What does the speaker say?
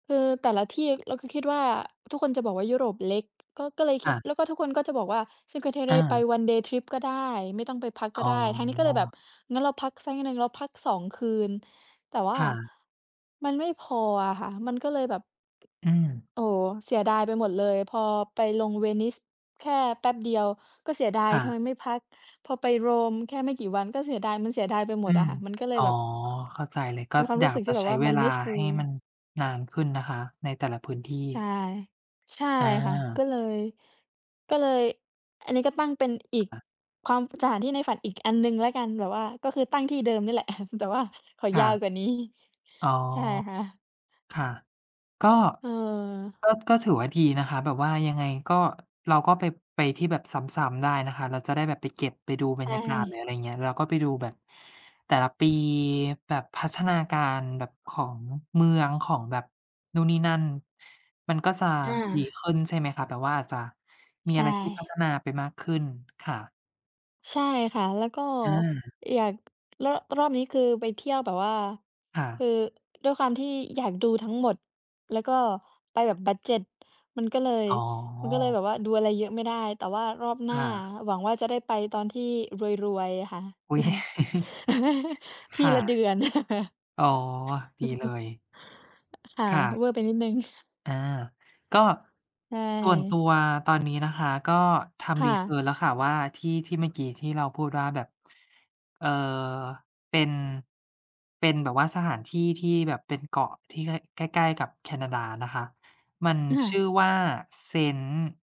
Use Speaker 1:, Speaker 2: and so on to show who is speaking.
Speaker 1: คือแต่ละที่ อ เราก็คิดว่า ทุกคนจะบอกว่ายุโรปเล็ก ก็ ก็เลยค
Speaker 2: ค
Speaker 1: ิ
Speaker 2: ่
Speaker 1: ด
Speaker 2: ะ
Speaker 1: แล้วก็ทุกคนก็จะบอกว่า Cinque
Speaker 2: อ
Speaker 1: Terre ไป
Speaker 2: า
Speaker 1: one day trip ก็ได้ ไม่ต้องไปพักก
Speaker 2: อ๋
Speaker 1: ็
Speaker 2: อ
Speaker 1: ได้ ทางนี้ก็เลยแบบงั้นเราพักสักนิดหนึ่ง เราพัก 2 คืน แต่ว่า
Speaker 2: ค่ะ
Speaker 1: มันไม่พออะค่ะ มันก็เลยแบบ
Speaker 2: อืม
Speaker 1: โอ้! เสียดายไปหมดเลย พอไปลงเวนิสแค่แป๊บเดียวก็เสียดาย
Speaker 2: ค่
Speaker 1: ทำ
Speaker 2: ะ
Speaker 1: ไมไม่พัก พอไปโรมแค่ไม่กี่วันก็เสียดาย มันเสียดายไปหม
Speaker 2: อื
Speaker 1: ดอ
Speaker 2: ม
Speaker 1: ะค่ะ มันก็เล
Speaker 2: อ
Speaker 1: ย
Speaker 2: ๋อ
Speaker 1: แบบ
Speaker 2: เข้าใจเลย ก็
Speaker 1: มีความ
Speaker 2: อย
Speaker 1: รู้
Speaker 2: าก
Speaker 1: สึก
Speaker 2: จ
Speaker 1: ที
Speaker 2: ะ
Speaker 1: ่แบ
Speaker 2: ใช
Speaker 1: บ
Speaker 2: ้
Speaker 1: ว่า
Speaker 2: เว
Speaker 1: มัน
Speaker 2: ลา
Speaker 1: ไม่ฟู
Speaker 2: ให้มันนานขึ้นนะคะในแต่ละพื้นที
Speaker 1: ใช่
Speaker 2: ่
Speaker 1: ใช่
Speaker 2: อ
Speaker 1: ค่ะ ก็
Speaker 2: า
Speaker 1: เลย ก็เลย อันนี้ก็ตั้งเป็นอี
Speaker 2: ค
Speaker 1: ก
Speaker 2: ่ะ
Speaker 1: ความ สถานที่ในฝันอีกอันหนึ่งแล้วกัน แบบว่าก็คือตั้งที่เดิมเนี่ยแหละ แต่ว่าขอ
Speaker 2: ค
Speaker 1: ย
Speaker 2: ่
Speaker 1: า
Speaker 2: ะ
Speaker 1: วกว่านี้
Speaker 2: อ๋อ
Speaker 1: ใช่ค่ะ
Speaker 2: ค่ะ ก็
Speaker 1: เออ
Speaker 2: ก็ ก็ถือว่าดีนะคะ แบบว่ายังไงก็ เราก็ไป ไปที่แบบซ้ำ ๆ ได้นะคะ เราจะได้แบบไปเก็บ ไปดูบ
Speaker 1: ใ
Speaker 2: ร
Speaker 1: ช
Speaker 2: รยากาศ หรือ
Speaker 1: ่
Speaker 2: อะไร อย่างเงี้ย เราก็ไปดูแบบ แต่ละปีแบบพัฒนาการแบบของเมือง ของแบบนู่นนี่นั่น มันก็จะ
Speaker 1: อา
Speaker 2: ดีขึ้นใช่ไหมคะ แบบว่าอาจจะมี
Speaker 1: ใช
Speaker 2: อะไรที่พัฒ
Speaker 1: ่
Speaker 2: นาไปมากขึ้น ค่ะ
Speaker 1: ใช่ค่ะ แล้วก็
Speaker 2: อา
Speaker 1: อยาก ร รอบนี้คือไปเที่ยวแบบว่า
Speaker 2: ค่
Speaker 1: ค
Speaker 2: ะ
Speaker 1: ือ ด้วยความที่อยากดูทั้งหมด แล้วก็ไปแบบบัดเจด มันก็เลย
Speaker 2: อ๋อ
Speaker 1: มันก็เลยแบบว่าดูอะไรเยอะไม่ได้ แต่ว่ารอบหน้
Speaker 2: ค
Speaker 1: า
Speaker 2: ่ะ
Speaker 1: หวังว่าจะได้ไปตอนที่รวย ๆ อะค่ะ
Speaker 2: อุ๊ย
Speaker 1: ท
Speaker 2: ค
Speaker 1: ี
Speaker 2: ่ะ
Speaker 1: ละเดือน
Speaker 2: อ๋อ ดีเลย
Speaker 1: ค่ะ
Speaker 2: ค่ะ
Speaker 1: เวอร์ไปนิดหนึ่ง
Speaker 2: อา ก็
Speaker 1: ใช
Speaker 2: ส่วนตั
Speaker 1: ่
Speaker 2: วตอนนี้นะคะ ก็ท
Speaker 1: ค
Speaker 2: ำ
Speaker 1: ่
Speaker 2: รี
Speaker 1: ะ
Speaker 2: เซิร์ช แล้วค่ะว่า ที่ ที่เมื่อกี้ที่เราพูดว่าแบบ เอ่อ เป็น เป็นแบบว่าสถานที่ที่แบบเป็นเกาะที่ ค ใกล้ ๆ กับแคนาดานะคะ มัน
Speaker 1: อ
Speaker 2: ชื่
Speaker 1: า
Speaker 2: อว่า "เซนต์"